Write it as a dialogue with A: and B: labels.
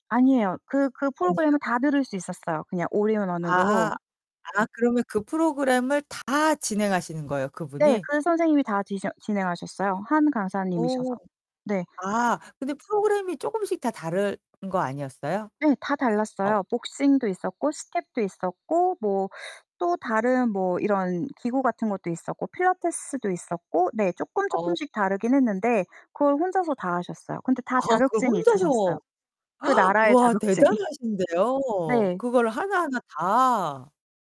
A: 아니에요. 그, 그 프로그램은
B: 아니에요.
A: 다 들을 수 있었어요 그냥 올인원으로.
B: 아. 아 그러면 그 프로그램을 다 진행하시는 거예요
A: 네.
B: 그분이?
A: 그 선생님이 다 지정 진행하셨어요 1
B: 어.
A: 강사님이셔서. 네.
B: 아 근데 프로그램이 쪼금씩 다 다른 거 아니었어요?
A: 네. 다
B: 어.
A: 달랐어요. 복싱도 있었고 스텝도 있었고 뭐 또 다른 뭐 이런 기구 같은 것도 있었고 필라테스도 있었고 네.
B: 어.
A: 쪼끔쪼끔씩 다르긴 했는데 그걸 혼자서 다 하셨어요. 근데
B: 아
A: 다
B: 그걸
A: 자격증이
B: 혼자서
A: 있으셨어요 그 나라의
B: 우와
A: 자격증이.
B: 대단하신데요.
A: 네.
B: 그거를 하나하나 다.